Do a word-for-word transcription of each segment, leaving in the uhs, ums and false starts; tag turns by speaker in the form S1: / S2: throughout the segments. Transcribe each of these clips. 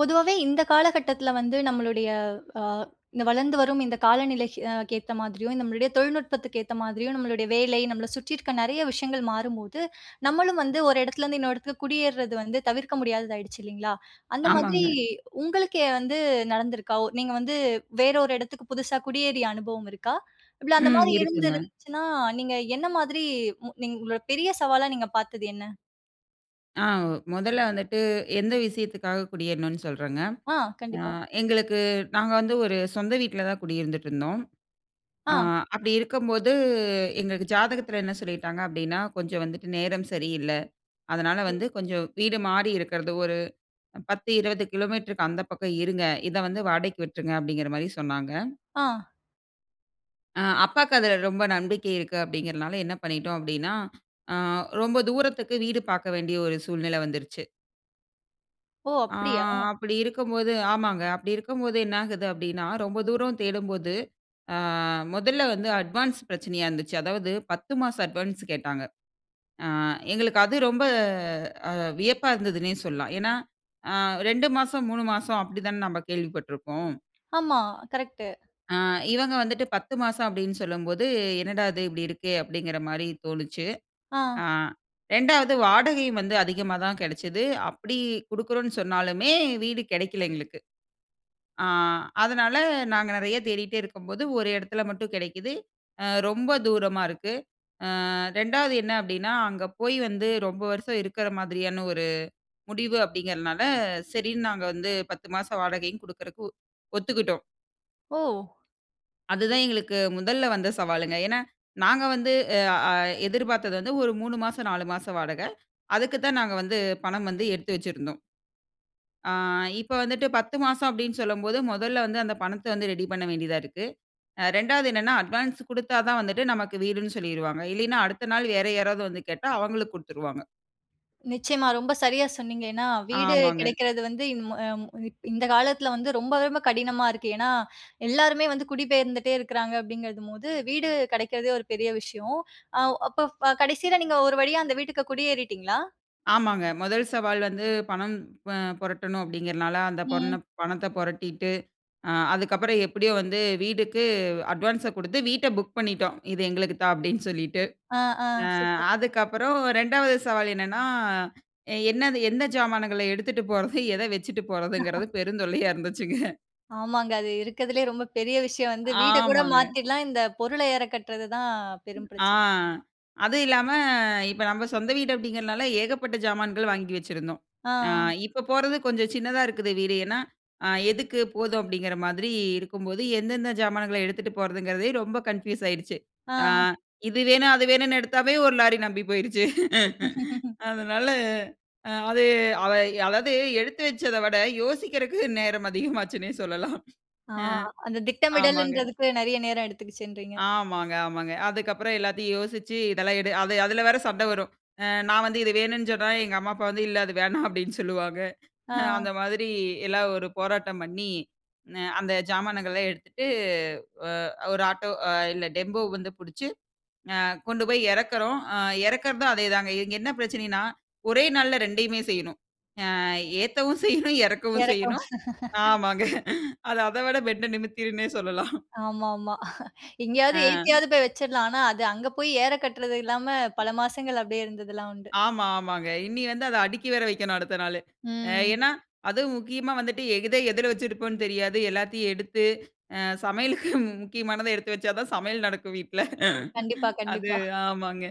S1: பொதுவாவே, இந்த காலகட்டத்தில வந்து, நம்மளுடைய அ இந்த வளர்ந்து வரும், இந்த காலநிலைக்கு ஏத்த மாதிரியும், நம்மளுடைய தொழில்நுட்பத்துக்கு ஏத்த மாதிரியும், நம்மளுடைய வேலை, நம்மள சுத்தி இருக்கிற நெறய விஷயங்கள் மாறும்போது, நம்மளும் வந்து ஒரு இடத்துல இருந்து இன்னொரு இடத்துக்கு குடியேர்றது வந்து தவிர்க்க முடியாததாயிடுச்சு, இல்லைங்களா? அந்த மாதிரி
S2: ஆமாங்க.
S1: உங்களுக்கே வந்து நடந்துருக்கா? ஒ நீங்க வந்து வேற ஒரு எடத்துக்கு, புதுசா குடியேறிய அனுபவம் இருக்கா? இல்ல அந்த
S2: ம்.
S1: மாதிரி
S2: இருக்குங்க.
S1: இருந்திருந்துச்சுனா, நீங்க என்ன மாதிரி, நீங்க உங்களோட பெரிய சவாலா, நீங்க பார்த்தது என்ன?
S2: ஆ, முதல்ல வந்துட்டு, எந்த விஷயத்துக்காக குடியேறணுன்னு சொல்றேங்க.
S1: ஆ,
S2: ஆ,
S1: கண்டிப்பா.
S2: எங்களுக்கு நாங்க வந்து ஒரு சொந்த வீட்ல தான் குடியிருந்துட்டு இருந்தோம். ஆ,
S1: ஆ.
S2: அப்படி இருக்கம்போது, எங்களுக்கு ஜாதகத்தில என்ன சொல்லிட்டாங்க? அப்படினா, கொஞ்சம் வந்துட்டு நேரம் சரியில்ல. அதனால வந்து, கொஞ்ச வீடு மாறி இருக்குறது, ஒரு பத்து, இருபது கிலோமீட்டருக்கு அந்த பக்கம் இருங்க. இத வந்து வாடகைக்கு விட்ருங்க, அப்படிங்கிற மாரி சொன்னாங்க.
S1: ஆ.
S2: ஆ, அப்பாக்கு அதில ரொம்ப நம்பிக்கை இருக்கு அப்டிங்கிறனால, என்ன பண்ணிட்டோ அப்படினா, ஆ ரொம்ப தூரத்துக்கு வீடு பார்க்க வேண்டிய, ஒரு சூழ்நிலை வந்துருச்சு.
S1: ஓ!
S2: ஆ,
S1: அப்படியா?
S2: அப்படி இருக்கம்போது ஆமாங்க. அப்படி இருக்கம்போது என்ன ஆகுது? அப்படினா, ரொம்ப தூர தேடம்போது அ முதல்ல வந்து அட்வான்ஸ் பிரச்சனையா இருந்துச்சு. அதாவது பத்து மாச அட்வான்ஸ் கேட்டாங்க. ஆ, எங்களுக்கு அது ரொம்ப, அ, வியப்பா இருந்ததுனே சொல்லலாம். ஏனா, ஆ, ரெண்டு மாசம், மூணு மாசம் அப்படி தான, நம்ம கேள்விப்பட்ருக்கோம்.
S1: ஆமா. கரெக்ட்.
S2: ஆ, இவங்க வந்துட்டு பத்து மாசம் அப்டினு சொல்லம்போது, என்னடா இது இப்படி இருக்கே? அப்படிங்கிற மாரி தோணுச்சு. ஆ,
S1: ஆ.
S2: ரெண்டாவது வாடகை வந்து அதிகமாதா கெடச்சது. அப்படி குடுக்குறோனு சொன்னாலுமே, வீடு கிடைக்கல எங்களுக்கு. ஆ, அதனால நாங்க நெறய தேடிட்டே இருக்கம்போது, ஒரு இடத்துல மட்டும் கிடைக்குது. ரொம்ப தூரமா இருக்கு. ஆ, ரெண்டாவது என்ன அப்படின்னா, அங்க போய் வந்து, ரொம்ப வருஷம் இருக்குற மாதிரியான ஒரு முடிவு அப்படிங்கிறனால, சரின்னு நாங்க வந்து, பத்து மாச வாடகையும் குடுக்குறதுக்கு, ஒ ஒத்துக்கிட்டோம்.
S1: ஓ!
S2: அதுதான் எங்களுக்கு முதல்ல வந்த சவால்ங்க. ஏன்னா, நாங்க வந்து எ அ எ, எதிர்பாத்தது வந்து ஒரு மூணு மாசம் நாலு மாசம் வாடகை. அதுக்கு தான் நாங்க வந்து பணம் வந்து எடுத்து வச்சுருந்தோம். ஆ, இப்போ வந்துட்டு பத்து மாசம் அப்டீன்னு சொல்லும்போது, முதல்ல வந்து அந்த பணத்த வந்து ரெடி பண்ண வேண்டியதா இருக்கு. அ ரெண்டாவது என்னன்னா, அட்வான்ஸ் குடுத்தா தான் வந்துட்டு, "நமக்கு வீடுன்னு" சொல்லிருவாங்க. இல்லேன்னா, அடுத்த நாள் வேறு யாராவது வந்து கேட்டா, அவங்களுக்கு குடுத்துருவாங்க.
S1: நிச்சயமா. ரொம்ப சரியா சொன்னீங்க. ஏன்னா, வீடு
S2: ஆமாங்க.
S1: கெடைக்கிறது வந்து இன் மொ ய இந்த காலத்துல வந்து, ரொம்ப ரொம்ப கடினமா இருக்கு. ஏன்னா, எல்லாருமே வந்து குடிபெயர்ந்துட்டே இருக்காங்க அப்டிங்குறதும் போது வீடு கிடைக்கிறதே ஒரு பெரிய விஷயம். அ அப்போ கடைசில நீங்க ஒரு வழியா அந்த வீட்டுக்கு குடியேறிட்டீங்களா?
S2: ஆமாங்க. முதல் சவால் வந்து பணம் ப புரட்டணும் அப்டீங்கிறனால, அந்த பொண்ண
S1: ம்.
S2: பணத்த பொரட்டிட்டு, அதுக்கப்பறம் எப்புடியோ வந்து வீடுக்கு அட்வான்ஸ குடுத்து வீட்டை புக் பண்ணிட்டோம். "இது எங்களுக்கு தான்", அப்டீன்னு சொல்லிட்டு.
S1: ஆ, ஆ.
S2: அ
S1: சூப்பர்.
S2: அதுக்கப்பறம் ரெண்டாவது சவால் என்னன்னா, என்னது "எந்த சாமான்கள எடுத்துட்டு போறது? எத வச்சுட்டு போறதுங்குறது?" பெருந்தொல்லையா இருந்துச்சுங்க.
S1: ஆமாங்க. அது இருக்கதுலயே ரொம்ப பெரிய விஷயம் வந்து, வீட கூட
S2: ஆமாங்க.
S1: மாத்திர்லாம், இந்த பொருள ஏற கட்றது தான் பெரும்
S2: ஆ.
S1: பிரச்சனை.
S2: அதும் இல்லாம, "இப்ப நம்ம சொந்த வீடு" அப்டீங்குறனால ஏகப்பட்ட ஜாமான்கள் வாங்கி வச்சிருந்தோம். அ,
S1: ஆ.
S2: இப்போ போறது கொஞ்சம் சின்னதா இருக்குது வீடு ஏன்னா, அ "எதுக்கு போதும்?" அப்டீங்குற மாதிரி இருக்கும்போது எந்தெந்த ஜாமான்களை எடுத்துட்டு போறதுங்குறதே ரொம்ப கன்ஃபியூஸ் ஆயிடுச்சு. அ,
S1: ஆ.
S2: இது வேணும், அது வேணும்னு எடுத்தாவே, ஒரு லாரி நம்பி போயிடுச்சு அதனால, அது அதய் அதாவது, எடுத்து வச்சதை விட, யோசிக்கிறக்கு நேரம் அதிகமாச்சுன்னே சொல்லலாம்.
S1: ஆ.
S2: அ.
S1: அந்த
S2: ஆமாங்க.
S1: திட்டமிடல்ன்றதுக்கு நெறைய நேரம் எடுத்துகிச்சுன்றீங்க
S2: ஆமாங்க, ஆமாங்க. அதுக்கப்பறம் எல்லாத்தையும் யோசிச்சு, "இதெல்லாம் எடு", அது அதுல வேற சண்ட வரும். அ நான் வந்து "இது வேணுன்னு" சொன்னா, எங்க அம்மா அப்பா வந்து, "இல்லை அது வேணாம்" அப்டீன்னு சொல்லுவாங்க
S1: ஆ.
S2: அந்த மாதிரி எல்லாம் ஒரு போராட்டம் பண்ணி, னெ-அந்த ஜாமானங்கள்லாம் எடுத்துட்டு அ ஒரு ஆட்டோ அ இல்ல டெம்போ வந்து புடிச்சு, அ கொண்டு போயி எறக்குறோம். அ எறக்குறதும், அதேதாங்க. இது என்ன பிரச்சனைன்னா, ஒரே நாள்ல ரெண்டையுமே செய்யணும். அ ஏத்தவும் செய்யணும், எறக்கவும்
S1: எறக்கம்.
S2: செய்யணும். ஆமாங்க அது அத விட பென்ட்டை நிமித்திடுன்னே சொல்லலாம்.
S1: ஆமாமா எங்கயாவது
S2: ஆ.
S1: ஏத்தியாவது போய் வச்சுரலாம். ஆனா அது அங்க போயி ஏற கட்றது இல்லாம, பல மாசங்கள் அப்டியே இருந்தது எல்லாம் உண்டு.
S2: ஆமா, ஆமாங்க. இனி வந்து, அத அடுக்கி வேற வைக்கணும் அடுத்த நாளு. அ
S1: ம்.
S2: ஏன்னா, அதுவும் முக்கியமா வந்துட்டு எத எதுல வச்சிருப்போம்னு தெரியாது. எல்லாத்தயும் எடுத்து அ சமையலுக்கு முக்கியமானதை எடுத்து வச்சா தான் சமயல் நடக்கும் வீட்ல
S1: கண்டிப்பா,
S2: அது
S1: கண்டிப்பா.
S2: ஆமாங்க.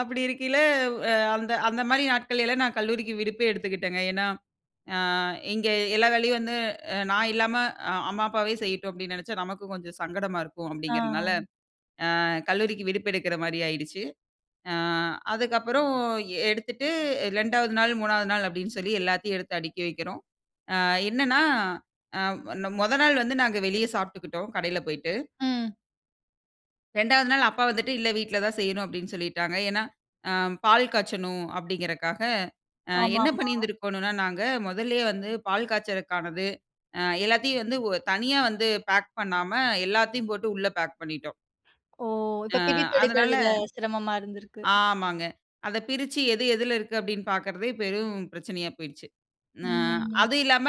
S2: அப்படி இருக்கைல வ் அ, அந்த அந்த மாதிரி நாட்கள்லாம் நான் கல்லூரிக்கு விடுப்பே எடுத்துகிட்டேங்க. ஏன்னா, அ இங்கே எல்லா வேலையும் வந்து அ நான் இல்லாம, அ "அம்மா, அப்பாவே செய்யட்டும்!" அப்டீன்னு நெனைச்சா, நமக்கும் கொஞ்சம் சங்கடமா இருக்கும்
S1: ஆ.
S2: அப்டீங்குறனால, அ கல்லூரிக்கு விடுப்பு எடுக்குற மாரி ஆயிடுச்சு. அ, அதுக்கப்பறம் எடுத்துட்டு ரெண்டாவது நாள், மூணாவது நாள் அப்டீன்னு சொல்லி எல்லாத்தயும் எடுத்து அடுக்கி வைக்கிறோம். அ என்னன்னா, அ நொ மொத நாள் வந்து நாங்க வெளியில சாப்ட்டுக்கிட்டோம் கடையில போய்ட்டு.
S1: ம்.
S2: ரெண்டாவது நாள் அப்பா வந்துட்டு இல்ல, வீட்ல தான் செய்யணும் அப்டீன்னு சொல்லிட்டாங்க. ஏன்னா, ஆ பால் காய்ச்சணும் அப்டீங்குறதுக்கா
S1: ஆமா,
S2: என்ன
S1: ஆமா.
S2: பண்ணியிருந்திருக்கணும், நாங்க மொதலிலேயே வந்து பால் காய்ப்பதற்கானது ஆ எல்லாத்தையும் வந்து தனியா வந்து பேக் பண்ணாம எல்லாத்தையும் போட்டு உள்ள பேக் பண்ணிட்டோம்.
S1: ஓ!
S2: ஆ
S1: இப்ப பிரித்து
S2: அதுனால,
S1: எடுக்குறதுல சிரமமா இருந்திருக்கு.
S2: ஆமாங்க. அத பிரிச்சி எது, எதுல இருக்குனு பாக்குறதே, பெரும் பிரச்சனையா போயிட்டுச்சி. அ
S1: ம். ம். ம்.
S2: அது இல்லாம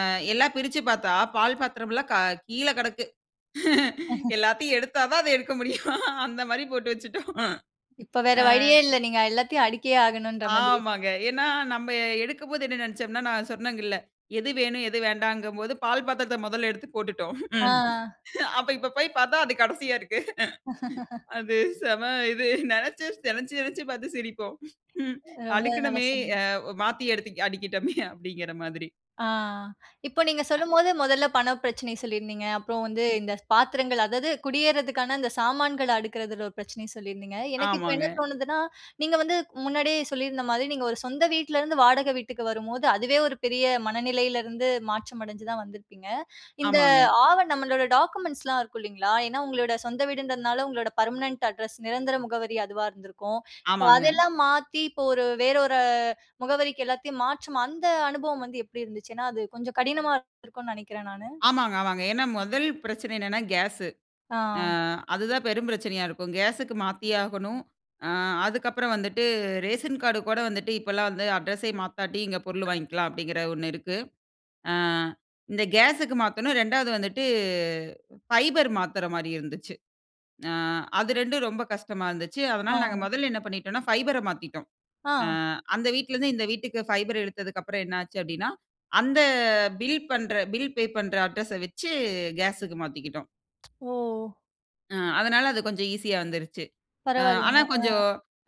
S2: அ எல்லாம் பிரிச்சி பாத்தா பால் பாத்திரம்லா க கீழ கிடக்கு. எல்லாத்தையும் எடுத்தா தான் அத எடுக்க முடியும். அந்த மாதிரி போட்டு வைச்சிட்டோம்.
S1: இப்ப வேற
S2: அ.
S1: வழியே இல்ல. நீங்க எல்லாத்தையும் அடுக்கியே ஆகணும்ன்ற மாதிரி.
S2: ஆமாங்க. ஏன்னா நம்ப எடுக்கும்போது என்ன நினைச்சோம்னா, நான் சொன்னங்க இல்ல எது வேணும்? எது வேண்டாம்ங்கும்போது, பால் பாத்திரத்த மொதல எடுத்து போட்டுட்டோம்.
S1: ஆ அ.
S2: அப்ப இப்ப போய் பாத்தா அது கடைசியா இருக்கு. அது செம இது நினைச்சு நினைச்சு நினைச்சு பாத்து சிரிப்போம். ம்
S1: ரொம்ப நல்ல
S2: அடுக்கணுமே
S1: சொன்னீங்க.
S2: மாத்தி எடுத்து அடிக்கிட்டோமே, அப்டீங்குற மாதிரி.
S1: ஆ இப்போ நீங்க
S2: அ.
S1: சொல்லும்போது, மொதல பண பிரச்சனை சொல்லியிருந்தீங்க. அப்புறம் வந்து இந்த பாத்திரங்கள் அதாவது குடியேறுதற்கான இந்த சாமான்கள்ல அடுக்குறதுல ஒரு பிரச்சனைய சொல்லியிருந்தீங்க. எனக்கு இப்போ
S2: ஆமாங்க.
S1: என்ன தோணுதுனா? நீங்க வந்து முன்னாடியே சொல்லியிருந்த மாரி, நீங்க ஒரு சொந்த வீட்ல இருந்து வாடகை வீட்டுக்கு வரும்போது, அதுவே ஒரு பெரிய மனநிலையிலிருந்து மாற்றம் அடச்சி தான் வந்துருப்பீங்க. இந்த
S2: ஆமாங்க.
S1: ஆவ நம்பளோட டாக்குமெண்ட்ஸ்லாம் இருக்கு இல்லங்களா, ஏன்னா உங்களோட சொந்த வீடுன்றதுனால உங்களோட பெர்மனன்ட் அட்ரஸ், நிரந்தர முகவரி அதுவா இருந்துருக்கும்
S2: ஆமாங்க.
S1: அதெல்லாம் மாத்தி இப்ப ஒரு வேறு ஒரு முகவரிக்கு எல்லாத்தையும் மாற்றும் அந்த அனுபவம் வந்து எப்படி இருந்துச்சு? ஏன்னா அது கொஞ்சம் கடினமா இருக்கும்னு நினைக்குறேன் நானு.
S2: ஆமாங்க, ஆமாங்க. ஏன்னா, முதல் பிரச்சனை என்னென்னா, கேஸு. அ
S1: ஆ.
S2: அதுதான் பெரும் பிரச்சனையா இருக்கும். கேஸுக்கு மாத்தியாகணும். அ அதுக்கப்புறம் வந்துட்டு ரேஷன் கார்டு கூட வந்துட்டு இப்போலாம் வந்து அட்ரஸை மாத்தட்டி இங்க பொருள் வாங்கிக்கலாம் அப்டீங்குற ஒண்ணு இருக்கு. அ இந்த கேஸுக்கு மாத்தணும். ரெண்டாவது வந்துட்டு ஃபைபர் மாத்துற மாதிரி இருந்துச்சு. அ அது ரெண்டும் ரொம்ப கஷ்டமா இருந்துச்சு.
S1: ஆ.
S2: அதுனால நாங்க மொதல என்ன பண்ணிட்டோம்னா, ஃபைபர்ர மாத்திட்டோம். அ
S1: ஆ.
S2: அந்த வீட்டுல இருந்து இந்த வீட்டுக்கு பைபர்ர எடுத்ததற்கு அப்புறம், என்னச்சி அப்டீன்னா, அந்த பில் பண்ணுகுற பில் பே பண்ணுகுற அட்ரஸ வைச்சி கேஸ்க்கு மாத்திக்கிட்டோம்.
S1: ஒ!
S2: ம். அதனால அது கொஞ்சம் ஈஸியா வந்துருச்சு. அ ஆனா
S1: பரவால்லங்க. ஆ.
S2: கொஞ்சம்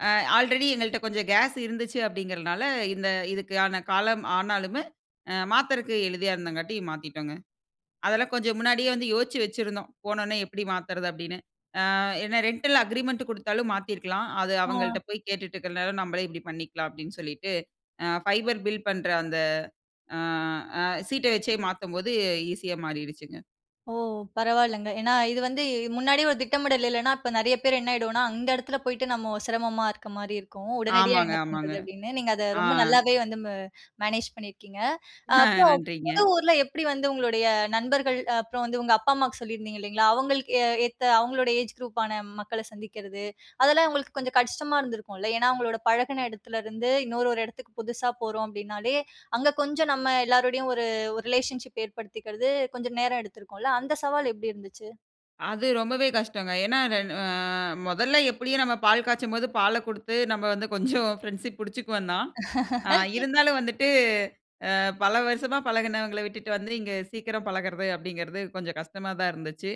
S2: அ ஆல்ரெடி எங்கள்ட்ட கொஞ்சம் கேஸ் இருந்துச்சு அப்படிங்கிறனால, இந்த இதுக்கான காலம் ஆனாலுமு, அ மாத்தறக்கு எளிதியா இருந்தங்காட்டி மாத்திட்டோங்க. அதெல்லாம் கொஞ்சம் முன்னாடியே வந்து யோசிச்சு வச்சிருந்தோம். "போனன்னே எப்படி மாத்தறது?" அப்படின்னு. அ என்னா ரென்டல அக்ரீமெண்ட் குடுத்தாலும் மாத்தியிருக்கலாம். "அது
S1: ஆ.
S2: அவங்கள்ட்ட போய் கேட்டுட்டு இருக்கற நேரம், நம்மளே இப்படி பண்ணிக்கலாம்." அப்படின்னு சொல்லிட்டு, அ ஃபைபர் பில் பண்ற அந்த அ அ சீட்ட வச்சே மாத்தும்போது ஈஸியா மாறிருச்சுங்க.
S1: ஓ! பரவால்லங்க. ஏன்னா, இது வந்து முன்னாடி ஒரு திட்டமிடல் இல்லன்னா, இப்ப நெறைய பேர் என்ன ஆயிடுவோம்னா, அந்த எடத்துல போயிட்டு நம்ம சிரமமா இருக்க மாரி இருக்கும். உடனடியா
S2: ஆமாங்க,
S1: என்ன
S2: ஆமாங்க.
S1: பண்றது அப்படின்னு, நீங்க அத
S2: ஆ.
S1: ரொம்ப நல்லாவே வந்து ம் மேனேஜ் பண்ணிருக்கீங்க. அப்புறம்
S2: நன்றிங்க.
S1: புது ஊர்ல எப்படி வந்து உங்களுடைய நண்பர்கள், அப்புறம் வந்து உங்க அப்பா, அம்மாவுக்கு சொல்லிருந்தீங்க இல்லைங்ளா? அவுங்களுக்கு ஏத்த அவுங்களுடைய ஏஜ் குரூப்பான மக்கள சந்திக்கிறது, அதெல்லாம் அவுங்களுக்கு கொஞ்சம் கஷ்டமா இருந்திருக்கும்ல! ஏன்னா, அவுங்களோட பழகின எடத்துல இருந்து இன்னொரு ஒரு எடத்துக்கு புதுசா போறோம் அப்படின்னாலே, அங்க கொஞ்சம் நம்ம எல்லாருடையும் ஒரு ஒரு ரிலேஷன்ஷிப் ஏற்படுத்திக்கிறது கொஞ்சம் நேரம் எடுத்திருக்கும்ல, அந்த சவால் எப்படி இருந்துச்சு?
S2: அது ரொம்பவே கஷ்டங்க. ஏன்னா? என் அ முதல்ல எப்டியும் நம்ம பால் காய்ச்சும்போது பால கொடுத்து நம்ம வந்து கொஞ்சம் ஃப்ரெண்ட்ஷிப் பிடிச்சுக்குவோம் தான். இருந்தாலும் வந்துட்டு, அ, பல வருஷமா பழகுனவங்கள விட்டுட்டு வந்து, இங்க சீக்கிரம் பழகறது, அப்டிங்கறது கொஞ்சம் கஷ்டமாதான் இருந்துச்சு.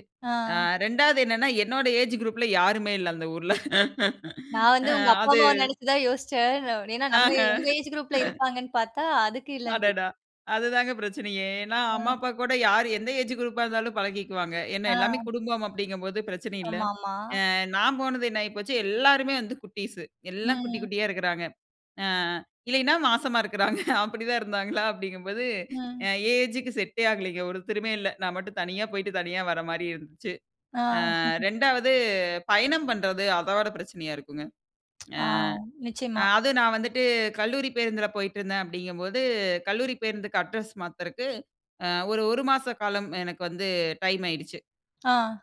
S2: அ,
S1: அ.
S2: ரெண்டாவது என்னன்னா, என்னோட ஏஜ் குரூப்பில யாருமே இல்ல அந்த ஊர்ல.
S1: நான் வந்து,
S2: அ,
S1: உங்க அப்பா
S2: அது
S1: அம்மாவ நினைச்சி தான் யோசிச்சேன். ஏன்னா நம்ம உங்க
S2: ஆஹ.
S1: ஏஜ் குரூப் ல இருப்பாங்கன்னு பாத்தா, அதுக்கு இல்லன்றீங்க.
S2: அடடா! அதுதாங்க பிரச்சனையே. ஏன்னா, அம்மா
S1: ம்.
S2: அப்பா கூட யார் எந்த ஏஜ் குரூப்பா இருந்தாலும் பழகிக்குவாங்க. ஏன்ன எல்லாமே
S1: அ.
S2: குடும்பம் அப்படிங்கும்போது பிரச்சனை இல்ல.
S1: ஆமா, ஆமா.
S2: அ, நான் போனது என்ன ஆகி போச்சு, எல்லாருமே வந்து குட்டீஸ் எல்லாம் குட்டி,
S1: ம்.
S2: குட்டியா இருக்கறாங்க. அ, இல்லேன்னா மாசமா இருக்கறாங்க. அப்படி தான் இருந்தாங்களா? அப்டிங்கும் போது, அ,
S1: ம்.
S2: என் ஏஜ்க்கு செடே ஆகலங்க. ஒருத்தருமே இல்ல. நான் மட்டும் தனியா போய்ட்டு தனியா வர்ற மாரி இருந்துச்சு.
S1: ஆ.
S2: அ, ரெண்டாவது பயணம் பண்றது, அதோட பிரச்சனையா இருக்குங்க.
S1: ஆ,
S2: அ,
S1: நிச்சயமா.
S2: அ அதுவும் நான் வந்துட்டு கல்லூரி பேருந்துல போயிட்டுருந்தேன் அப்டிங்கும்போது, கல்லூரி பேருந்துக்கு அட்ரஸ் மாத்துறதுக்கு அ, ஒரு, ஒரு மாச காலம் எனக்கு வந்து டைம் ஆயிடுச்சு.
S1: ஆ.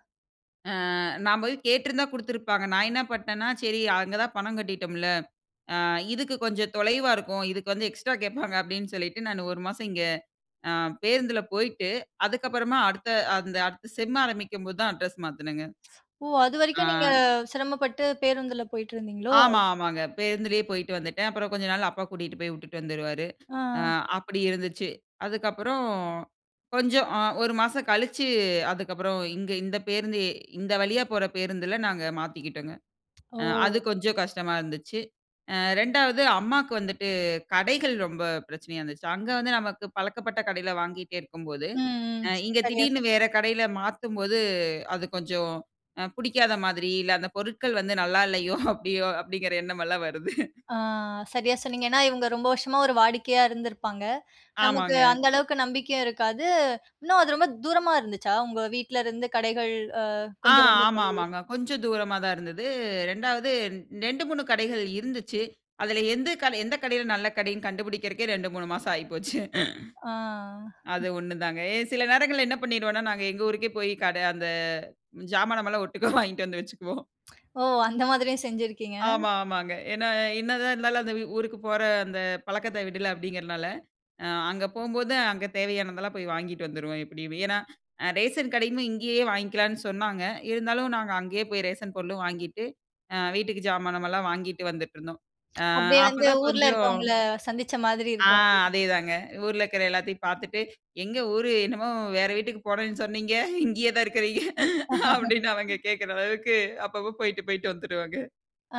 S2: அ. நான் போய் கேட்டிருந்தா குடுத்திருப்பாங்க. நான் என்ன பண்ணிட்னேன்னா சரி, அங்க தான் பணம் கட்டிட்டோம்ல, அ இதுக்கு கொஞ்சம் தொலைவா இருக்கும். இதுக்கு வந்து எக்ஸ்ட்ரா கேட்பாங்க அப்டின்னு சொல்லிட்டு, நான் ஒரு மாசம் இங்க அ பேருந்துல போயிட்டு, அதுக்கப்பறமா அடுத்த, அந்த அடுத்த செம் ஆரம்பிக்கும் போது தான். அட்ரஸ் மாத்துனேங்க.
S1: ஓ!
S2: அ.
S1: அதுவரைக்கும் நீங்க சிரமப்பட்டு பேருந்துல போயிட்டு இருந்தீங்களோ?
S2: ஆமா. ஆமாங்க. பேருந்துலேயே போயிட்டு வந்துட்டேன். அப்பறம் கொஞ்ச நாள் அப்பா கூட்டிட்டு போய் விட்டுட்டு வந்துருவாரு. அ
S1: அ.
S2: அப்படி இருந்துச்சு. அதுக்கப்பறம், கொஞ்சம் அ ஒரு மாசம் கழிச்சு, அதுக்கப்பறம் இங்க இந்த பேருந்து இந்த வழியா போற பேருந்துல நாங்க மாத்திக்கிட்டோங்க. அ, அது
S1: ஓ!
S2: கொஞ்சம் கஷ்டமா இருந்துச்சு. அ, ரெண்டாவது அம்மாக்கு வந்துட்டு, கடைகள் ரொம்ப பிரச்சனையா இருந்துச்சு. அங்க வந்து நமக்கு பழக்கப்பட்ட கடையில வாங்கிட்டே இருக்கும்போது,
S1: ம், ம்.
S2: அ இங்க
S1: சரியா
S2: திடீர்னு
S1: சொன்னீங்க.
S2: வேற கடையில மாத்தும்போது, அது கொஞ்சம் அ புடிக்காத மாதிரி, இல்ல அந்த பொருட்கள் வந்து "நல்லா இல்லையோ! அப்டியோ", அப்டிங்கற எண்ணம் எல்லாம் வருது.
S1: ஆ. சரியா சொன்னீங்க. ஏன்னா இவங்க ரொம்ப வருஷமா ஒரு வாடிக்கையா இருந்திருப்பாங்க. நமக்கு
S2: ஆமாங்க.
S1: அந்த அளவுக்கு நம்பிக்கையும் இருக்காது. இன்னும் அது ரொம்ப தூரமா இருந்துச்சா? உங்க வீட்ல இருந்து கடைகள், அ
S2: ஆ
S1: கொஞ்சம் ரொம்ப
S2: ஆமா,
S1: தள்ளி.
S2: ஆமாங்க. கொஞ்சம் தூரமா தான் இருந்தது. ரெண்டாவது நெண்டு, மூணு கடைகள் இருந்துச்சு. அதுல எந்து கடை எந்த கடையில நல்ல கடைன்னு? கண்டுபிடிக்கறக்கே, ரெண்டு, மூணு மாசம் ஆயிப்போச்சு.
S1: ஆ.
S2: அது ஒண்ணு தாங்க. எ சில நேரங்கள்ல என்ன பண்ணிருவோன்னா, நாங்க எங்க ஊருக்கே போயி கட அந்த, ஜாமானமல்லாம் ஒட்டுக்கா வாங்கிட்டு வந்து வச்சுக்குவோம்.
S1: ஓ! அந்த மாதிரியும் செஞ்சிருக்கீங்க?
S2: ஆமா, ஆமாங்க. என்ன என்னதான் இருந்தாலும். அந்த ஊருக்கு போற அந்த பழக்கத்த விடல அப்டிங்கறதுனால, அ அங்க போகும்போது, அங்க தேவையானதெல்லாம் போய் வாங்கிட்டு வந்துருவோம், எப்படியுமே. ஏன்னா, ரேஷன் கடையுமே இங்கேயே வாங்கிக்கலான்னு சொன்னாங்க. இருந்தாலும் நாங்க அங்கயே போய் ரேஷன் பொருளும் வாங்கிட்டு, அ வீட்டுக்கு ஜாமானமெல்லாம் வாங்கிட்டு வந்துட்ருந்தோம். அ
S1: அப்டியே
S2: அப்ப
S1: வந்து
S2: தான்
S1: ஊர்ல
S2: கொஞ்சம்
S1: இருக்கவங்கள, சந்திச்ச மாதிரி
S2: ஆ.
S1: இருக்கும் அப்படீன்னு.
S2: அதேதாங்க. ஊர்ல இருக்குற எல்லாத்தையும் பாத்துட்டு. "எங்கே ஊரு, என்னமோ வேற வீட்டுக்கு போறேன்னு சொன்னீங்க. இங்கேயே தான் இருக்குறீங்க.", அப்டின்னு அவங்க கேக்கற அளவுக்கு அப்பப்போ போயிட்டு போயிட்டு வந்துருவங்க.
S1: ஆ,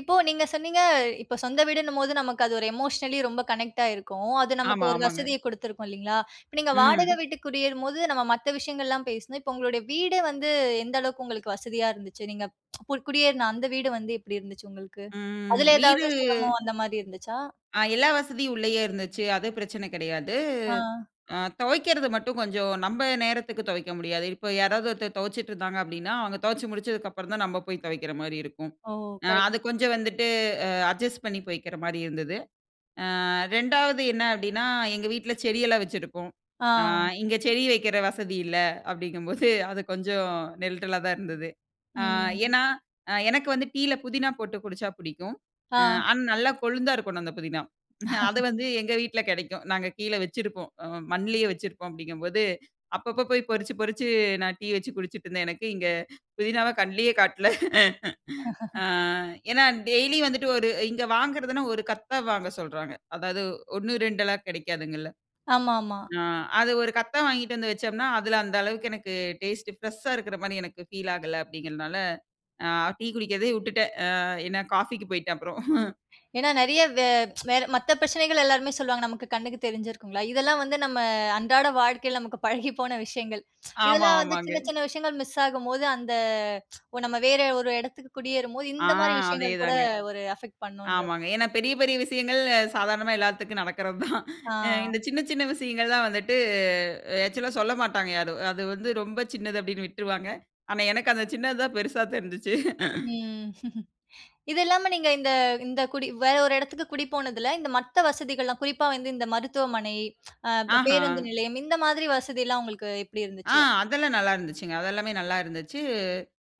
S1: இப்போ நீங்க சொன்னிங்க. இப்ப சொந்த வீடுன்னும்போது, நமக்கு அது ஒரு எமோஷனலி ரொம்ப கனெக்டாயிருக்கும். அது நமக்கு
S2: ஆமா,
S1: ஒரு
S2: ஆமாங்க.
S1: வசதிய கொடுத்துருக்கும் இல்லிங்களா? இப்ப நீங்க வாடகை
S2: ம்.
S1: வீட்டு குடியேறும்போது, நம்ம மத்த விஷயங்கள்லாம் பேசுணும். இப்போ, உங்களுடைய வீடு வந்து, எந்த அளவுக்கு உங்களுக்கு வசதியாக இருந்துச்சு? நீங்க குடியேறின அந்த வீடு வந்து எப்டி இருந்துச்சு உங்களுக்கு?
S2: ம்.
S1: அதில ஏதாவது
S2: வீடு.
S1: சிரமம் அந்த மாரி இருந்துச்சா?
S2: ஆ எல்லா வசதியும் உள்ளேயே இருந்துச்சு, அது பிரச்சனை கிடையாது.
S1: ஆ.
S2: ஆ துவைக்கிறது மட்டும் கொஞ்சம் நம்ம நேரத்துக்கு துவைக்க முடியாது. இப்போ யாராவது ஒருத்தர் துவைச்சுட்டு இருந்தாங்க அப்டினா, அவங்க துவச்சு முடிச்சதுக்கு அப்புறம் தான் நம்ம போய் துவைக்கிற மாரி இருக்கும்.
S1: ஓ!
S2: அ
S1: கரெக்ட்.
S2: அது கொஞ்சம் வந்துட்டு அ அட்ஜஸ்ட் பண்ணி போய்கிற மாரி இருந்தது. ஆ ரெண்டாவது என்ன அப்டினா, எங்க வீட்ல்ல செடியெல்லாம் வச்சிருப்போம். ஆ
S1: ஆ.
S2: இங்க செடி வைக்கிற வசதி இல்ல அப்டிங்கும்போது அது கொஞ்சம் நெல்ட்டலா தான் இருந்தது. ஆ
S1: ம்.
S2: ஏனா, எனக்கு வந்து டீல புதினா போட்டு குடிச்ச பிடிக்கும்.
S1: ஆ.
S2: அ ஆனா, நல்லா கொழுந்தா இருக்கணும் அந்த புதினா. அது வந்து எங்க வீட்ல்ல கிடைக்கும். நாங்க கீழே வைச்சிருப்போம். அ மண்லேயே வைச்சிருப்போம் அப்டிங்க போது, அப்பப்போ போய் பறிச்சு பறிச்சு நான் டீ வெச்சு குடிச்சுட்டு இருந்தேன் எனக்கு. இங்கே புதினாவ கண்லேயே காட்டல. ஆ ஏனா டெய்லி வந்துட்டு ஒரு இங்கு வாங்கறதுன்னா ஒரு கத்த வாங்க சொல்றாங்க. அதாவது, ஒண்ணு, ரெண்டெல்லாம் கிடைகாதுங்கள.
S1: ஆமா, ஆமா
S2: அ அது ஒரு கத்தா வாங்கிட்டு வந்து வெச்சோம்னா, அதில அந்த அளவுக்கு எனக்கு டேஸ்ட் ப்ரெஷா இருக்கிற மாரி எனக்கு பீல் ஆகல அப்டிங்கிறனால, ஆ டீ குடிக்கிறதே உட்டுட்டேன். அ ஏன்னா காபிக்கு போயிட்டேன் அப்றோம்.
S1: ஏன்னா, நிறைய வே வேற மத்த பிரச்சனைகள் எல்லாருமே சொல்லுவாங்க, நமக்கு கண்ணுக்கு தெரிஞ்சிருக்குங்களா. இதெல்லாம் வந்து நம்ம அன்றாட வாழ்க்கைல நமக்கு பழகி போன விஷயங்கள்.
S2: ஆமா,
S1: இதெல்லாம் வந்து
S2: ஆமாங்க.
S1: சின்ன சின்ன விஷயங்கள் மிஸ் ஆகும்போது அந்த ஒ நம்ம வேற ஒரு இடத்துக்கு குடியேறும் போது,
S2: ஆ,
S1: இந்த மாரி விஷயங்கள் கூட
S2: அதேதாங்க.
S1: ஒரு அஃபெக்ட் பண்ணும்ன்றது.
S2: ஆமாங்க. ஏன்னா, பெரிய பெரிய விஷயங்கள் சாதாரணமா எல்லாத்துக்கும் நடக்கிறது தான்.
S1: ஆ.
S2: எ இந்த சின்ன சின்ன விஷயங்கள் தான் வந்துட்டு ஆக்சுவல்லா சொல்லமாட்டாங்க யாரும். அது வந்து, ரொம்ப சின்னது அப்டின்னு விட்ருவாங்க. ஆனா எனக்கு அந்த சின்னது தான் பெரிசா தெருஞ்சுச்சு.
S1: ம். இது இல்லாம, நீங்க இந்த இந்த குடி வேற ஒரு இடத்துக்கு குடிப்போனதுல, இந்த மத்த வசதிகள் எல்லாம், குறிப்பா வந்து இந்த மருத்துவமனை, அ
S2: ஆஹா!
S1: பேருந்து நிலையம், இந்த மாதிரி வசதி எல்லாம் உங்களுக்கு எப்டி
S2: ஆ,
S1: இருந்துச்சு?
S2: அதெல்லாம் நல்லா இருந்துச்சுங்க. அது எல்லாமே நல்லா இருந்துச்சு.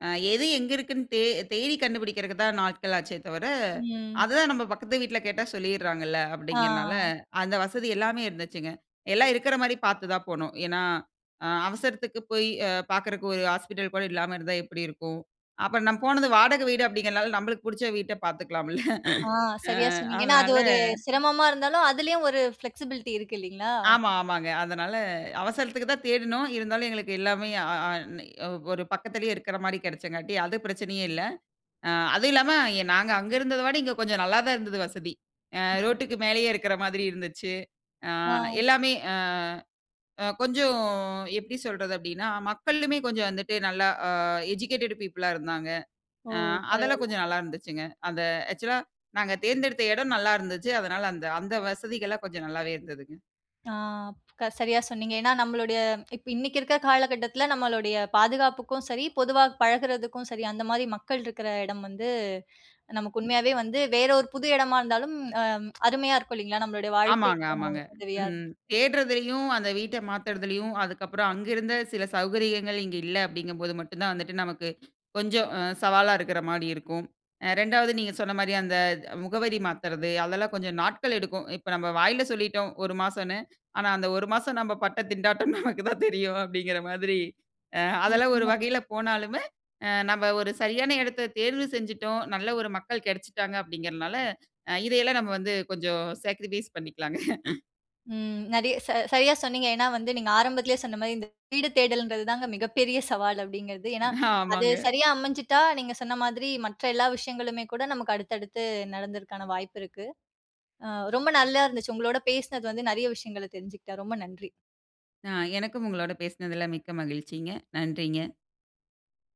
S2: அ எது எங்கு இருக்குனு தே தேடி கண்டுபிடிக்கிறதுக்கு தான் நாட்கள் ஆச்சே தவிர,
S1: ம்.
S2: அதுதான் நம்ம பக்கத்து வீட்ல கேட்டா சொல்லிறாங்கள்ல அப்டிங்கிறனால,
S1: ஆ.
S2: அந்த வசதி எல்லாமே இருந்துச்சுங்க. எல்லாம் இருக்கிற மாரி பார்த்து தான் போனோம். ஏன்னா, அ அவசரத்துக்கு போய் பாக்கறதுக்கு ஒரு ஹாஸ்பிட்டல் கூட இல்லாம இருந்தா எப்டி இருக்கும்? அப்புறம் நா போனது வாடகை வீடு அப்டிங்கிறனால நம்ளுக்கு புடுச்ச வீட்ட பார்த்துக்கலாமில்ல.
S1: ஆ,
S2: அ
S1: சரியா சொன்னீங்க. ஏனா அது
S2: அதனால
S1: ஒரு சிரமமா இருந்தாலும் அதுலயும் ஒரு ப்ளெக்ஸிபிலிட்டி இருக்கு இல்லைங்களா?
S2: ஆமா. ஆமாங்க. அதனால அவசரத்துக்கு தான் தேடினோம். இருந்தாலும், எங்களுக்கு எல்லாமே அ அ நி ஒரு பக்கத்திலே இருக்கிற மாரி கிடைச்சங்காட்டி அது பிரச்சனையே இல்ல. அ அதுவும் இல்லாம நாங்க அங்கு இருந்தத விட இங்க கொஞ்சம் நல்லாதான் இருந்தது வசதி. அ ரோட்க்கு மேலேயே இருக்கிற மாதிரி இருந்துச்சு. ஆ
S1: ஆ.
S2: எல்லாமே ஆ கொஞ்சம் எப்டி சொல்றது? அப்டினா மக்களுமே கொஞ்சம் வந்துட்டு நல்லா எஜுகேட்டட் பீப்புள்லா இருந்தாங்க.
S1: ஓ!
S2: அ அதெல்லாம்
S1: பரவாயில்ல.
S2: கொஞ்சம் நல்லா இருந்துச்சுங்க. அந்த ஆக்சுவல்லா நாங்க தேர்ந்தெடுத்த இடம் நல்லா இருந்துச்சு. அதனால அந்த அந்த வசதிகள்லாம் கொஞ்சம் நல்லாவே இருந்ததுங்க.
S1: ஆ க சரியா சொன்னீங்க. ஏன்னா, நம்மளுடைய இப்ப இன்னைக்கு இருக்கிற காலகட்டத்தில நம்மளுடைய பாதுகாப்புக்கும் சரி, பொதுவா பழகுறதுக்கும் சரி, அந்த மாதிரி மக்கள் இருக்கிற இடம் வந்து நமக்கு உண்மையாவே வந்து வேற ஒரு புது இடமா இருந்தாலும், அ அருமையா இருக்கும் இல்லைங்களா, நம்மளுடைய
S2: ஆமாங்க,
S1: வாழ்க்கைக்கு
S2: ஆமாங்க.
S1: உதவியா இருக்கும்.
S2: ம்
S1: [unintelligible]
S2: தேடுறதுலயும் அந்த வீட்டை மாத்துறதுலயும், அதுக்கப்புறம் அங்க இருந்த சில சௌகரியங்கள் இங்கு இல்ல அப்படிங்கும் போது மட்டும் தான் வந்துட்டு நமக்கு, கொஞ்சம் சவாலா இருக்கற மாரி இருக்கும். அ ரெண்டாவது நீங்க சொன்ன மாரி அந்த முகவரி மாத்துறது அதெல்லாம் கொஞ்சம் நாட்கள் எடுக்கும். இப்ப நம்ம வாயில சொல்லிட்டோம் ஒரு மாசம்னு. ஆனா அந்த ஒரு மாசம் நம்ம பட்ட திண்டாட்டம் நமக்கு தான் தெரியும். அப்படிங்கிற மாதிரி அ அதெல்லாம் ஒரு
S1: நிச்சயமா.
S2: வகையில போனாலுமே, அ நாம ஒரு சரியான இடத்தை தேர்வு செஞ்சுட்டோம். நல்ல ஒரு மக்கள் கிடைச்சுட்டாங்க, அப்படிங்கறதனால இதை எல்லாம் நாம வந்து கொஞ்சம் சாக்ரிஃபைஸ் பண்ணிக்கலாங்க.
S1: ம் நெறயா ச சரியா சொன்னீங்க. ஏன்னா வந்து நீங்க ஆரம்பத்திலயே சொன்ன மாதிரி, இந்த வீடு தேடல்ன்றது தாங்க மிகப்பெரிய சவால் அப்படிங்கிறது. ஏன்னா, அது
S2: ஆமாங்க.
S1: சரியா அமைஞ்சுட்டா நீங்க சொன்ன மாதிரி மற்ற எல்லா விஷயங்களுமே கூட நமக்கு அடுத்தடுத்து நடந்தற்கான வாய்ப்பு இருக்கு. அ ரொம்ப நல்லா இருந்துச்சு. உங்களோட பேசுனது வந்து நிறைய விஷயங்களை தெரிஞ்சுகிட்ட, ரொம்ப நன்றி.
S2: அ எனக்கும் உங்களோட பேசுனதில மிக்க மகிழ்ச்சிங்க. நன்றிங்க.